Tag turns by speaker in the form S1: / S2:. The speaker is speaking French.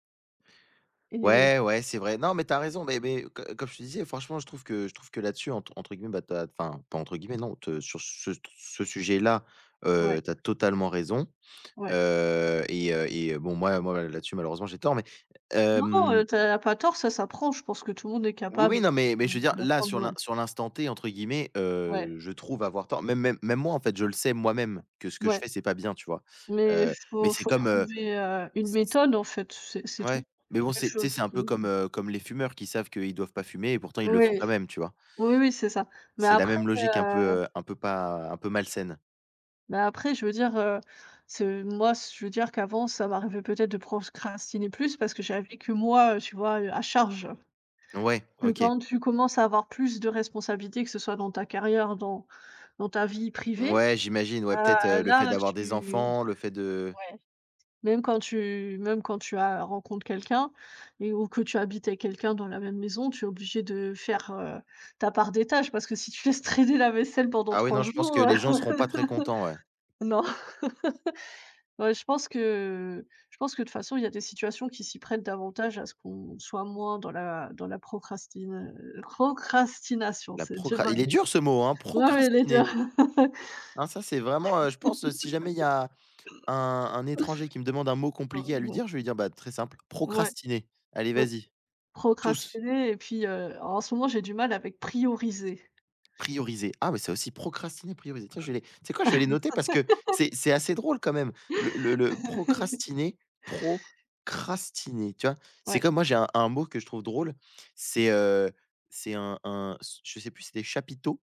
S1: Et
S2: Ouais, ouais, c'est vrai. Non mais tu as raison, mais mais heu, co comme je te disais, franchement je trouve que je trouve que là-dessus entre entre guillemets bah, tu as enfin pas entre guillemets, non te sur ce t ce sujet là,
S1: Ouais.
S2: heu, tu as totalement raison,
S1: Ouais.
S2: heu, et heu et heu, bon moi moi là-dessus, malheureusement, j'ai tort, mais
S1: Non,
S2: hem.
S1: heu, tu as pas tort, ça s'apprend, je pense que tout le monde est
S2: Oui,
S1: capable de
S2: oui, non, mais mais je veux dire
S1: de
S2: là,
S1: l'apprendre,
S2: sur
S1: ouais.
S2: l'in «sur l'instant T», entre guillemets,
S1: Ouais.
S2: heu, je trouve avoir tort. Même même même moi, en fait, je le sais moi-même que ce que je
S1: Ouais.
S2: fais, c'est pas bien, tu vois?
S1: Mais
S2: Heu, mais
S1: faut
S2: c'est
S1: faut
S2: comme, heu,
S1: trouver, heu, une
S2: s s.
S1: méthode, en fait, c'est c'est
S2: Ouais,
S1: tout.
S2: mais bon,
S1: Quelque
S2: c'est tu sais,
S1: chose
S2: c'est un
S1: qui
S2: peu comme, heu, comme les fumeurs, qui savent qu'ils doivent pas fumer, et pourtant, ils le font
S1: Ouais.
S2: quand même, tu vois?
S1: Oui, oui, c'est ça, mais
S2: C'est la
S1: après,
S2: même logique, un peu,
S1: heu
S2: heu, un peu pas un peu malsaine.
S1: mais après, je veux dire, heu, ce moi ce je veux dire qu'avant, ça m'arrivait peut-être de procrastiner plus, parce que j'avais que moi, heu, tu vois? Heu, à charge.
S2: Ouais,
S1: Que
S2: OK.
S1: quand tu commences à avoir plus de responsabilités, que ce soit dans ta carrière, dans dans ta vie privée,
S2: Ouais, j'imagine, ouais,
S1: heu,
S2: peut-être, heu, le fait
S1: là
S2: d'avoir des
S1: tu
S2: enfants, le fait de
S1: ouais. Même quand tu même quand tu as rencontres quelqu'un, et ou que tu habites avec quelqu'un dans la même maison, tu es obligé de faire, heu, ta part des tâches. Parce que si tu laisses traîner la vaisselle pendant
S2: Ah oui,
S1: 3
S2: non je pense que
S1: jours, heu,
S2: les gens seront pas très contents, ouais.
S1: non. Ouais, je pense que je pense que, de toute façon, il y a des situations qui s'y prêtent davantage à ce qu'on soit moins dans la dans la procrastina heu, procrastination
S2: La
S1: c'est
S2: procra
S1: dur à
S2: il est
S1: dire.
S2: dur ce mot, hein!
S1: Ouais, elle est dure.
S2: Procrastiner. Ah ça c'est vraiment, heu je pense, heu, si jamais il y a un un étranger qui me demande un mot
S1: heu,
S2: compliqué à lui dire,
S1: bon.
S2: je vais lui dire: «Bah très simple
S1: Ouais.
S2: "procrastiner" allez,
S1: Oui.
S2: vas-y» tous.
S1: Procrastiner, et puis, heu, en ce moment, j'ai du mal avec prioriser.
S2: Prioriser. Ah ouais, ça aussi, procrastiner, prioriser. Tiens, je vais les tu sais quoi, je vais les noter, parce que c'est c'est assez drôle quand même. Le le le procrastiner procrastiner, tu vois? C'est
S1: Ouais.
S2: comme moi, j'ai un un mot que je trouve drôle, c'est, heu, c'est un un se je sais plus si c'était chapiteaux?